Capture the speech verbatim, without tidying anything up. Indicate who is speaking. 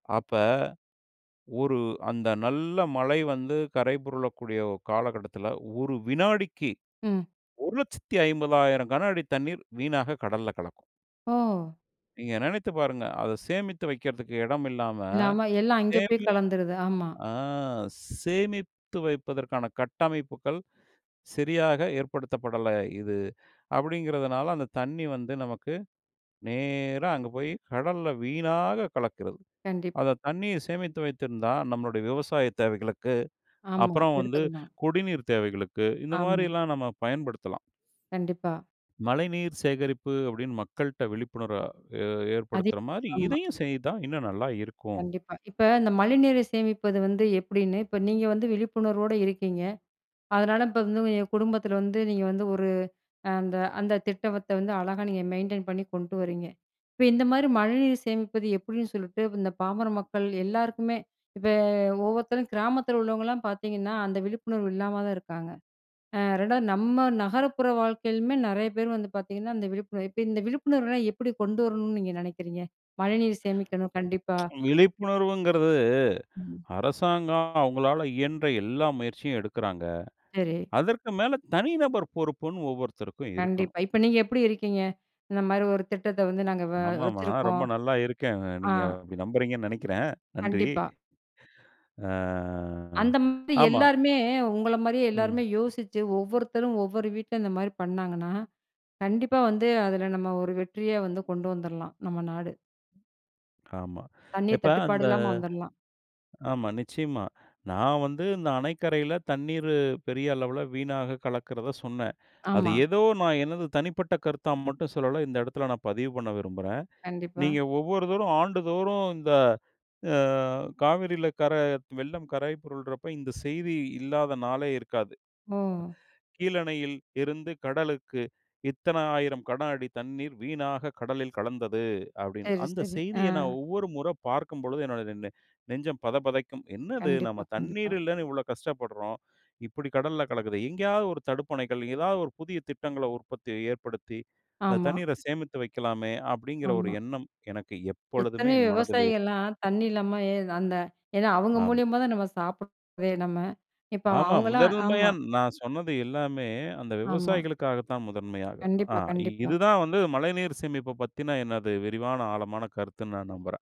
Speaker 1: அப்ப ஒரு அந்த நல்ல மழை வந்து கரை பொரலக்கூடிய காலகட்டத்தில ஒரு வினாடிக்கி
Speaker 2: ம்.
Speaker 1: ஒரு லட்சத்தி ஐம்பதாயிரம் கனஅடி தண்ணீர் வீணாக கடல்ல கலக்கும்.
Speaker 2: ஓ!
Speaker 1: நீங்க நெனைச்சு பாருங்க அதை சேமித்து வைக்கிறதுக்கு எடம் இல்லாம.
Speaker 2: இல்லாம எல்லாம் அங்கே போய்
Speaker 1: சேமி
Speaker 2: கலந்துருது, ஆமா.
Speaker 1: ஆ சேமித்து வைப்பதற்கான கட்டமைப்புகள் சரியாக ஏற்படுத்தப்படல இது அப்படிங்கிறதுனால, அந்த தண்ணி வந்து நமக்கு நேரா அங்கே போய் கடல்ல வீணாக கலக்கிறது.
Speaker 2: கண்டிப்பா.
Speaker 1: அதை தண்ணியை சேமித்து வைத்திருந்தா நம்மளுடைய விவசாய தேவைகளுக்கு,
Speaker 2: ஆமா
Speaker 1: அப்புறம் வந்து
Speaker 2: எடுத்துக்கலாம்.
Speaker 1: குடிநீர் தேவைகளுக்கு இந்த
Speaker 2: ஆமா.
Speaker 1: மாதிரிலாம் நம்ம பயன்படுத்தலாம்.
Speaker 2: கண்டிப்பா.
Speaker 1: மழைநீர் சேகரிப்பு அப்டின்னு மக்கள்கிட்ட விழிப்புணர்வ
Speaker 2: அதே
Speaker 1: ஏற்படுத்துற மாதிரி
Speaker 2: ஆமா.
Speaker 1: இதையும் செய்தா, இன்னும் நல்லா இருக்கும்.
Speaker 2: கண்டிப்பா. இப்ப இந்த மழைநீரை சேமிப்பது வந்து எப்டின்னு இப்போ நீங்க வந்து விழிப்புணர்வோட இருக்கீங்க. அதனால இப்ப வந்து எங்க குடும்பத்தில வந்து நீங்க வந்து ஒரு அந்த அந்த திட்டவத்த வந்து அழகா நீங்க மெயின்டெயின் பண்ணி கொண்டு வர்றீங்க. இப்ப இந்த மாதிரி மழைநீர் சேமிப்பது எப்படின்னு சொல்லிட்டு இந்த பாமர மக்கள் எல்லாருக்குமே, இப்ப ஒவ்வொருத்தரும் கிராமத்தில உள்ளவங்கலாம் பார்த்தீங்கன்னா, அந்த விழிப்புணர்வு இல்லாம தான் இருக்காங்க. அ ரெண்டாவது நம்ம நகரப்புற வாழ்க்கையிலயுமே நிறைய பேர் வந்து பார்த்தீங்கன்னா, அந்த விழிப்புணர்வு இப்ப இந்த விழிப்புணர்வுலாம் எப்டி கொண்டு வரணும்ன்னு நீங்க நெனைக்கிறீங்க? மழைநீர் சேமிக்கணும் கண்டிப்பா.
Speaker 1: விழிப்புணர்வுங்கிறது
Speaker 2: ம்.
Speaker 1: அரசாங்கம் அவங்களால இயன்ற எல்லா முயற்சியும் எடுக்குறாங்க.
Speaker 2: சரி.
Speaker 1: அதற்கு மேல தனி நபர் பொறுப்புன்னு ஒவ்வொருத்தருக்கும் இருக்கணும்.
Speaker 2: கண்டிப்பா. இப்ப நீங்க எப்டி இருக்கீங்க? இந்த மாரி ஒரு திட்டத்தை வந்து நாங்க வ
Speaker 1: ஆமாமா. நான்
Speaker 2: வச்சுருக்கோம்.
Speaker 1: ரொம்ப நல்லா இருக்கேன்.
Speaker 2: ஆ.
Speaker 1: நீங்க நம்புறேன்னு நெனைக்கிறேன். நன்றி.
Speaker 2: கண்டிப்பா.
Speaker 1: ஆ
Speaker 2: அந்த மாதிரி
Speaker 1: ஆமா.
Speaker 2: எல்லோருமே உங்கள மாதிரியே
Speaker 1: ம்.
Speaker 2: எல்லாருமே, யோசிச்சு ஒவ்வொருத்தரும் ஒவ்வொரு வீட்ல இந்த மாரி பண்ணாங்கன்னா, கண்டிப்பா வந்து அதில நம்ம ஒரு வெற்றியா வந்து கொண்டு வந்துரலாம் நம்ம நாடு.
Speaker 1: ஆமா.
Speaker 2: தண்ணீர்
Speaker 1: இப்ப
Speaker 2: தட்டுப்பாடு
Speaker 1: அந்த
Speaker 2: இல்லாமல் வந்துரலாம்.
Speaker 1: ஆமா, நிச்சயமா. நான் வந்து இந்த அணைக்கரையில தண்ணீர் பெரிய அளவில வீணாக கலக்கிறதை சொன்னேன். அது
Speaker 2: ஆமா.
Speaker 1: ஏதோ நான் எனது தனிப்பட்ட கருத்தா மட்டும் சொல்லல்ல. இந்த இடத்தில் நான் பதிவு பண்ண விரும்புறேன்.
Speaker 2: கண்டிப்பா.
Speaker 1: நீங்க ஒவ்வொரு தோறும் ஆண்டுதோறும் இந்த அ காவிரியில கர வெள்ளம் கரை புரல்றப்ப இந்த செய்தி இல்லாத நாளே இருக்காது.
Speaker 2: ஓ!
Speaker 1: கீழணையில் இருந்து கடலுக்கு இத்தன ஆயிரம் கட அடி தண்ணீர் வீணாக கடலில் கலந்தது அப்டின்னு,
Speaker 2: சரி,
Speaker 1: அந்த
Speaker 2: சரி ஆ.
Speaker 1: செய்தியை நான் ஒவ்வொரு முற பார்க்கும் பொழுது என்னுடைய நெஞ்சம் பதபதக்கும். என்னது
Speaker 2: கண்டிப்பா,
Speaker 1: நம்ம
Speaker 2: கண்டிப்பா.
Speaker 1: தண்ணீர் இல்லன்னு இவ்வளோ கஷ்டப்படுறோம். இப்டி கடல்ல கலக்குதே. எங்கேயாவது ஒரு தடுப்பணைகள் ஏதாவது ஒரு புதிய திட்டங்களை உற்பத்தி ஏற்படுத்தி, அந்த
Speaker 2: ஆமா.
Speaker 1: தண்ணீர சேமித்து வைக்கலாமே, அப்டின்கிற ஒரு
Speaker 2: ஆமா.
Speaker 1: எண்ணம் எனக்கு எப்பொழுதுமே
Speaker 2: எத்தனையோ
Speaker 1: என் மனதில் இருக்கும்
Speaker 2: விவசாயிகள்லாம் தண்ணி இல்லாம எ அந்த ஏன்னா அவங்க
Speaker 1: ஆமா.
Speaker 2: மூலியமா தான் நம்ம சாப்பிடுறதே நம்ம. இப்போ
Speaker 1: ஆமா.
Speaker 2: அவங்களலாம்
Speaker 1: முதன்மையா
Speaker 2: ஆமா.
Speaker 1: நான் சொன்னது எல்லாமே அந்த
Speaker 2: ஆமா.
Speaker 1: விவசாயிகளுக்காக தான் முதன்மையாக. அ
Speaker 2: கண்டிப்பா, கண்டிப்பா.
Speaker 1: இது தான் வந்து மழைநீர் சேமிப்பு பத்தின எனது விரிவான ஆழமான கருத்துன்னு நான் நம்புறேன்.